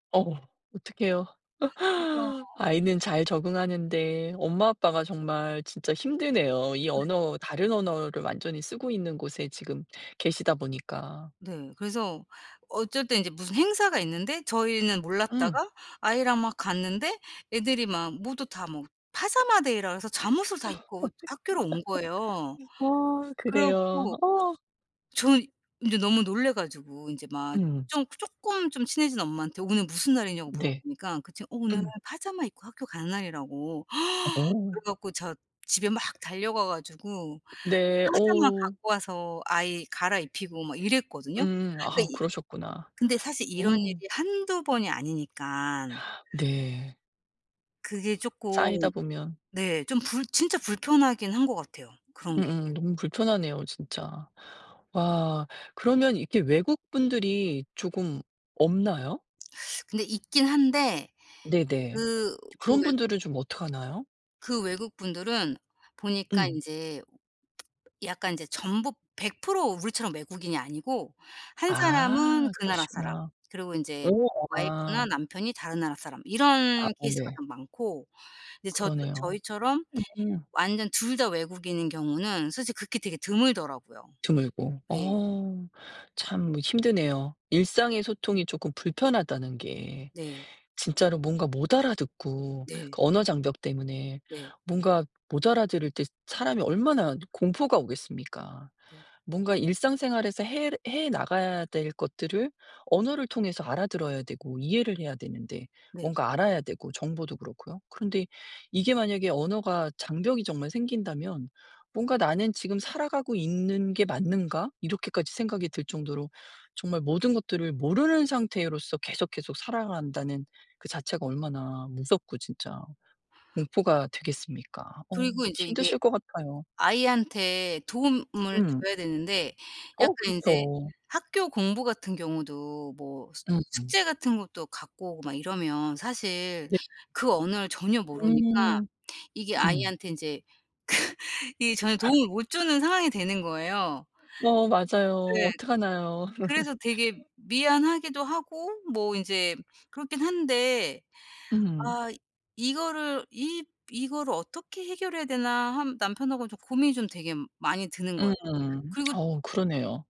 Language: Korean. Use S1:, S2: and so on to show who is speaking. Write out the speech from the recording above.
S1: 어 어떡해요?
S2: 그죠.
S1: 아이는 잘 적응하는데 엄마 아빠가 정말 진짜 힘드네요. 이
S2: 네.
S1: 언어 다른 언어를 완전히 쓰고 있는 곳에 지금 계시다 보니까.
S2: 네. 그래서 어쩔 때는 이제 무슨 행사가 있는데 저희는
S1: 음.
S2: 몰랐다가 아이랑 막 갔는데 애들이 막 모두 다 뭐 파자마 데이라 그래서 잠옷을
S1: 어 어떡해.
S2: 다 입고 학교로 온 거예요.
S1: 어
S2: 그래
S1: 그래요.
S2: 갖고
S1: 어.
S2: 저는 이제 너무 놀라 가지고 이제 막
S1: 음.
S2: 좀 쪼끔 좀 친해진 엄마한테 "오늘 무슨 날이냐?"고 물어
S1: 네.
S2: 보니까 그 친구가 "어 오늘
S1: 음.
S2: 파자마 입고 학교 가는 날"이라고 그래
S1: 어.
S2: 갖고 저 집에 막 달려가 가지고
S1: 네.
S2: 파자마
S1: 어.
S2: 갖고 와서 아이 갈아입히고 막 이랬거든요.
S1: 음.
S2: 그러니까
S1: 아
S2: 이
S1: 그러셨구나.
S2: 근데 사실 이런
S1: 어.
S2: 일이 1-2 번이 아니니까.
S1: 네.
S2: 그게 쪼끔
S1: 쌓이다 보면.
S2: 네 좀 불 진짜 불편하긴 한 것 같아요, 그런 게.
S1: 음음. 너무 불편하네요, 진짜. 와 그러면 이렇게 외국 분들이 조금 없나요?
S2: 근데 있긴 한데
S1: 네네.
S2: 그 그
S1: 그런
S2: 왜
S1: 분들은 좀 어떡하나요?
S2: 그 외국분들은 보니까
S1: 음.
S2: 이제 약간 이제 전부 100% 우리처럼 외국인이 아니고 한 사람은
S1: 아
S2: 그 나라 사람
S1: 그러시구나.
S2: 그리고 인제
S1: 오 아.
S2: 와이프나 남편이 다른 나라 사람
S1: 아
S2: 이런 케이스가
S1: 네.
S2: 좀 많고, 이제 저 또
S1: 그러네요.
S2: 저희처럼
S1: 음.
S2: 완전 둘 다 외국인인 경우는 솔직히 극히 되게 드물더라고요.
S1: 드물고.
S2: 네.
S1: 어 참 힘드네요. 일상의 소통이 쪼금 불편하다는 게,
S2: 네.
S1: 진짜로 뭔가 못 알아듣고
S2: 네.
S1: 그 언어 장벽 때문에.
S2: 네.
S1: 뭔가 못 알아들을 때 사람이 얼마나 공포가 오겠습니까?
S2: 네.
S1: 뭔가 일상생활에서 해 해 나가야 될 것들을 언어를 통해서 알아들어야 되고 이해를 해야 되는데,
S2: 네.
S1: 뭔가 알아야 되고 정보도 그렇고요. 그런데 이게 만약에 언어가 장벽이 정말 생긴다면 뭔가 '나는 지금 살아가고 있는 게 맞는가?' 이렇게까지 생각이 들 정도로 정말 모든 것들을 모르는 상태로서 계속, 계속 살아간다는 그 자체가 얼마나 무섭고 진짜 공포가 되겠습니까? 어
S2: 그리고 인제 이게
S1: 힘드실 것 같아요.
S2: 아이한테 도움을
S1: 음.
S2: 줘야 되는데
S1: 어
S2: 약간 이제
S1: 그렇죠.
S2: 학교 공부 같은 경우도 뭐 수
S1: 음음.
S2: 숙제 같은 것도 갖고 오고 막 이러면 사실
S1: 네.
S2: 그 언어를 전혀 모르니까
S1: 음.
S2: 이게
S1: 음.
S2: 아이한테 이제 그 이 전혀 도움을 못 주는 상황이 되는 거예요.
S1: 어 맞아요.
S2: 네.
S1: 어떡하나요?
S2: 그래서 되게 미안하기도 하고 뭐 인제 그렇긴 한데
S1: 음.
S2: 아 이거를 이 '이거를 어떻게 해결해야 되나?' 한 남편하고 좀 고민이 좀 되게 많이 드는 거예요.
S1: 음.
S2: 그리고
S1: 어 그러네요.